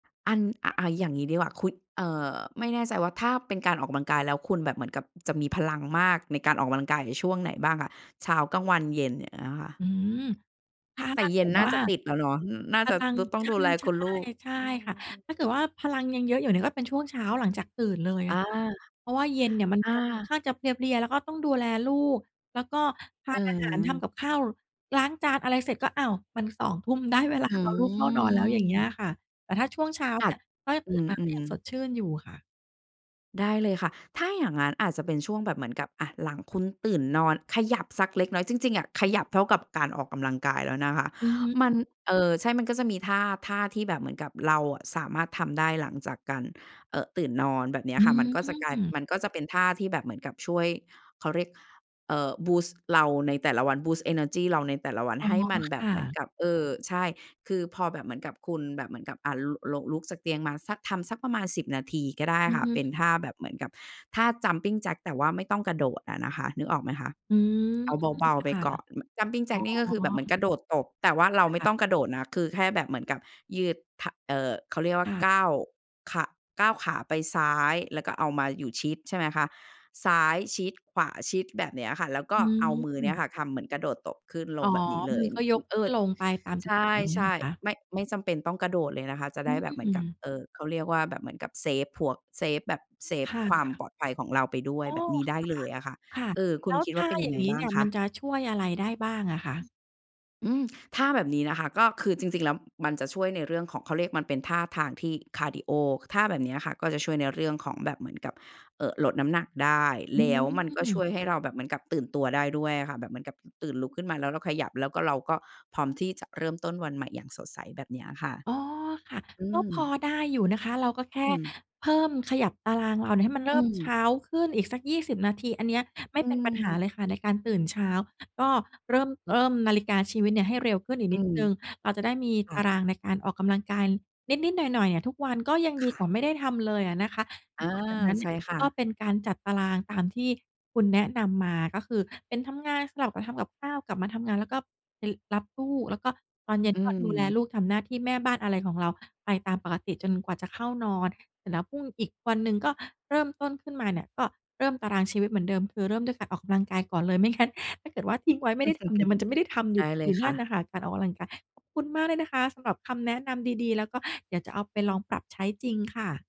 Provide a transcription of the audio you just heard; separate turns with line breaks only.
อัน อ อา อย่างงี้ดีกว่า คุ้ย เอ่อ ไม่แน่ใจว่าถ้าเป็นการออกกำลังกายแล้วคุณแบบเหมือนกับจะมีพลังมากในการออกกำลังกายอยู่ช่วงไหนบ้างคะ? เช้า กลางวัน เย็น อย่างเงี้ยค่ะ
อืม ถ้า
แต
ถ
่
้า
เย
เก
็
ิ
น
ด
น่
ว
า
่า
จะติดแล้วเนาะ อ น่า
พ
จะ
ลัง
ต ต้อง
ใช่
ดูแลคุณลูก
ๆ ใช่
อืม
ค่ะ
อื
ถ้าเกิด
อ
ว่าพลังยังเยอะอยู่เนี่ย ก็เป็นช่วงเช้าหลังจากตื่นเลย
อ
อ
า
ะค่ะ เพราะว่าเย็นเนี่ยมัน
อ
จะค่อน
า
ข้างจะเพลีย ๆ แล้วก็ต้องดูแลลูก แล้วก็ท
อ
า
ื
น
อ
อาห
ฮ
าร ทำ
ึ
กับข้าว ล้างจาน อะไรเสร็จ ก็ อ้าว มัน 20:00 น. ได้เวล
อ
าเอาลูกเข้านอนแล้ว อย่างเงี้
ื
ย
ม
ค่ะ แต่ถ้าช่วงเช้า
อ
เน
า
ี
จ
่ยก็จะ
อ
ต
ื
ื่นมาก็ย
ม
ังสด
ๆ
ชื่นอยู่ค่ะ
ได้เลยค่ะ ถ้าอย่างงั้นอาจจะเป็นช่วงแบบเหมือนกับ อา หลังคุณตื่นนอนขยับสักเล็กน้อย จริง ๆ อะ ขยับเท่ากับการออกกำลังกายแล้วนะคะ
อือฮึ
มัน เอ่อ ใช่มันก็จะมีท่า ท่าที่แบบเหมือนกับเราอะสามารถทำได้หลังจากการ เอ่อ ตื่นนอน แบบเนี้ย
อื
ค่ะ มันก็จะกลาย
อ
มันก็จะเป็นท่าที่แบบเหมือนกับช่วย เขาเรียก เอ่อ บูสต์ เราในแต่ละวัน บูสต์ เอเนอร์จี เราในแต่ละวัน
อ๋อ
ให้มันแบ
ค
บ
่
เหมือน
ะ
กับ เออ ใช่ คือพอแบบเหมือนกับคุณแบบเหมือนกับ อ่า ล ลง ลุกจากเตียงมาสัก ทำสักประมาณ 10 นาทีก็ได้
อื
ค
อ
่ะ
ฮ
เป
ึ
็นท่าแบบเหมือนกับท่า jumping jack แต่ว่าไม่ต้องกระโดดอะนะคะ นึกออกไหมคะ
อืม
เอาเบา
ค
ๆ ไป
่ะ
ก่อน
อ
ม jumping jack นี่
๋อ
ก็คือแบบเหมือนกระโดดตบ แต่ว่าเราไม่
ค่ะ
ต้องกระโดดนะ คือแค่แบบเหมือนกับยืด ท เอ่อ เขาเรียกว่
ค
า
่
ก
ะ
้าว ข ก้าวขาไปซ้าย แล้วก็เอามาอยู่ชิด ใช่ไหมคะ ซ้ายชิด ขวาชิด แบบเนี้ยค่ะ แล้วก
อ
็
ื
เอามือเนี้ย
ม
ค่ะทำเหมือนกระโดดตบขึ้นล
อ๋
ง
อ
แบบนี้เล
มื
ย
อก็ย
อ
ก
อ เ
ข
อ
ึ้
ิ
น
้ด
ลงไปตามท
ใช
ุกครั้ง อย่างงี้เหร
่
อคะ?
ๆ ไม่ ไม่จำเป็นต้องกระโดดเลยนะคะ จะ
อ
ไ
ื
ด้แบบเหมือนกับ
ม
เอ่อ เขาเรียกว่าแบบเหมือนกับเซฟพวก เซฟแบบ เซฟ
ผ่า
ค
น
วาม
ค่
ป
ะ
ลอดภัยของเราไปด้ว
อ
ย
๋อ
แบบนี้ได้เลยอะค่ะ
ค่ะ ค่ะ
เออ ค
แ
ุ
ล้
ณ
ว
คิด
ท
ว่า
่า
เป็นย
อย
ั
่
ง
า
ไง
งงี้
บ้
เ
า
น
ง
ี่ย
ค
มัน
ะ?
จะช่วยอะไรได้บ้างอะค
อื
ะ?
ม อืม ท่าแบบนี้นะคะก็คือจริง ๆ แล้ว มันจะช่วยในเรื่องของ เขาเรียกมันเป็นท่าทางที่ คาร์ดีโอ ค ท่าแบบเนี้ยค่ะก็จะช่วยในเรื่องของแบบเหมือนกับ เอ่อ ลดน้ำหนักได้
อ
แ
ื
ล้วมันก็ช่
ม
วยให้เราแบบเหมือนกับตื่นตัวได้ด้วยอะค่ะ แบบเหมือนกับ อ ตื่น ลุกขึ้นมาแล้วเราขยับ แล้วก็เราก็พร้อมที่จะเริ่มต้นวันใหม่อย่างสดใส แบบเนี้ยค่ะ
อ๋อ ค่ะ
อื
ก็พอ
ม
ได้อยู่นะคะ เราก็แค
อ อื
่
อ
เพิ่ม ขยับตารางเราเนี่ยให้มัน
อ
เ
ื
ริ่มเช
ม
้าขึ้นอีกสัก 20 นาที อันเนี้ยไ
อ
ม่
ื
เป็นปัญหา
ม
เลยค่ะในการตื่นเช้า ก็เริ่ม เริ่มนาฬิกาชีวิตเนี่ยให้เร็วขึ้นอีก
อื
นิด
ม
หนึ่ง เราจะได้มี
ค่
ตา
ะ
รางในการออกกำลังการนิด ๆ หน่อย ๆ อะทุกวัน ก็ยัง
ค
ดี
่
ก
ะ
ว่าไม่ได้ทำเลยอะนะคะ
อา
หลังจากนั้นเ
ใ
น
ช
ี่
่
ย
ค่
ก็
ะ
เป็นการจัดตารางตามที่คุณแนะนำมา ก็คือเป็นทำงาน สลับกับทำกับข้าว กลับมาทำงานแล้วก็ไปรับลูก แล้วก็ตอนเย็
อ
น
ื
ก็ดูแล
ม
ลูก ทำหน้าที่แม่บ้าน อะไรของเราไปตามปกติจนกว่าจะเข้านอนเสร็จแล้วพรุ่ง อีกวันหนึ่งก็เริ่มต้นขึ้นมาเนี่ย ก็เริ่มตารางชีวิตเหมือนเดิม คือเริ่มด้วยการออกกำลังกายก่อนเลย ไม่ งั้น ถ้าเกิดว่าทิ้งไว้ไม่ได้ทำเนี่ย มันจะไม่ได้ทำอย
ได
ู่
้เล
อย
ย
ู่น
ค
ั
่
่นน่
ะ
ะค่ะ การออกกำลังกาย ขอบคุณมากเลยนะคะสำหรับคำแนะนำดี ๆ แล้วก็เดี๋ยวจะเอาไปลองปรับใช้จริงค่ะ